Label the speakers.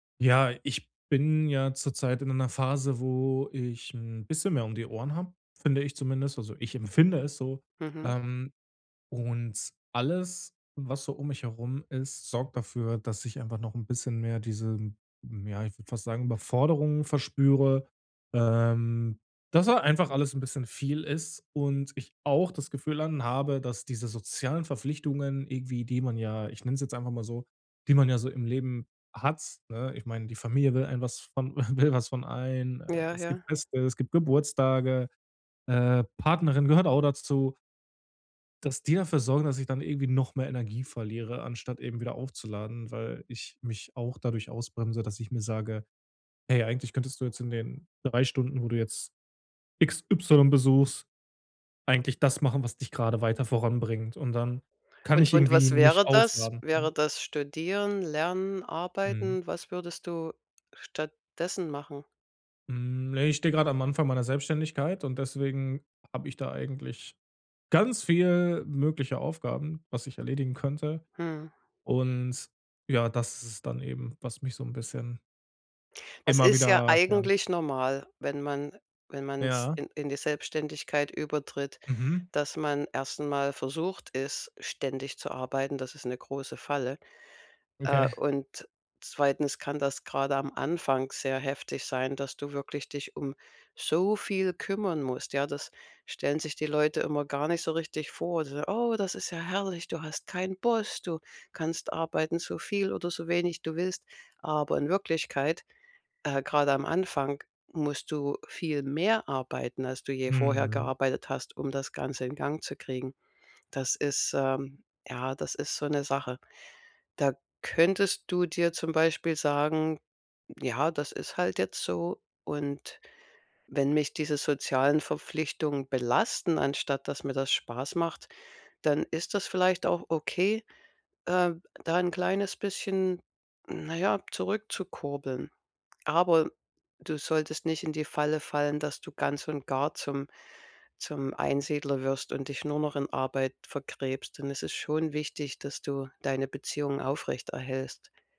Speaker 1: Ja, ich bin ja zurzeit in einer Phase, wo ich 'n bisschen mehr um die Ohren habe, finde ich zumindest, also ich empfinde es so,
Speaker 2: Mhm.
Speaker 1: ähm, und alles, was so um mich herum ist, sorgt dafür, dass ich einfach noch 'n bisschen mehr diese, hm, ja, ich würde fast sagen, Überforderung verspüre, ähm, dass da einfach alles 'n bisschen viel ist und ich auch das Gefühl dann habe, dass diese sozialen Verpflichtungen irgendwie, die man ja, ich nenne es jetzt einfach mal so die man ja so im Leben hat, ne? Ich meine, die Familie will einem was von will was von einem. Äh,
Speaker 2: Ja,
Speaker 1: es gibt
Speaker 2: ja.
Speaker 1: Feste, es gibt Geburtstage, äh, Partnerin gehört auch dazu Dass die dafür sorgen, dass ich dann irgendwie noch mehr Energie verliere, anstatt eben wieder aufzuladen, weil ich mich auch dadurch ausbremse, dass ich mir sage: „Hey, eigentlich könntest du jetzt in den 3 Stunden, wo du jetzt XY besuchst, eigentlich das machen, was dich gerade weiter voranbringt“, und dann kann
Speaker 2: Und
Speaker 1: ich
Speaker 2: und
Speaker 1: irgendwie
Speaker 2: was
Speaker 1: nicht
Speaker 2: wäre das?
Speaker 1: aufladen, ne?
Speaker 2: Wäre das Studieren, Lernen,
Speaker 1: Mhm.
Speaker 2: Arbeiten? Was würdest du stattdessen machen?
Speaker 1: Hm, ne, ich stehe gerade am Anfang meiner Selbstständigkeit, und deswegen habe ich da eigentlich ganz viel mögliche Aufgaben, was ich erledigen könnte.
Speaker 2: Mhm.
Speaker 1: Und ja, das ist es dann eben, was mich so 'n bisschen
Speaker 2: Das
Speaker 1: immer
Speaker 2: ist ja
Speaker 1: wieder ja.
Speaker 2: eigentlich normal, wenn man wenn man's
Speaker 1: Ja.
Speaker 2: in in die Selbstständigkeit übertritt,
Speaker 1: Mhm.
Speaker 2: dass man erst mal versucht ist, ständig zu arbeiten. Das ist 'ne große Falle. Äh,
Speaker 1: Okay.
Speaker 2: und 2. kann das grade am Anfang sehr heftig sein, dass du wirklich dich um so viel kümmern musst, ja? Das stellen sich die Leute immer gar nicht so richtig vor. So: „Oh, das ist ja herrlich. Du hast keinen Boss. Du kannst arbeiten, so viel oder so wenig du willst.“ Aber in Wirklichkeit, äh, grade am Anfang, musst du viel mehr arbeiten, als du je vorher
Speaker 1: Mhm.
Speaker 2: gearbeitet hast, um das Ganze in Gang zu kriegen. Das ist, ähm ja, das ist so 'ne Sache. Da könntest du dir zum Beispiel sagen: „Ja, das ist halt jetzt so, und wenn mich diese sozialen Verpflichtungen belasten, anstatt dass mir das Spaß macht, dann ist das vielleicht auch okay, ähm, da 'n kleines bisschen, na ja, zurückzukurbeln.“ Aber du solltest nicht in die Falle fallen, dass du ganz und gar zum zum Einsiedler wirst und dich nur noch in Arbeit verkrebst. Denn es ist schon wichtig, dass du deine Beziehungen aufrecht erhältst.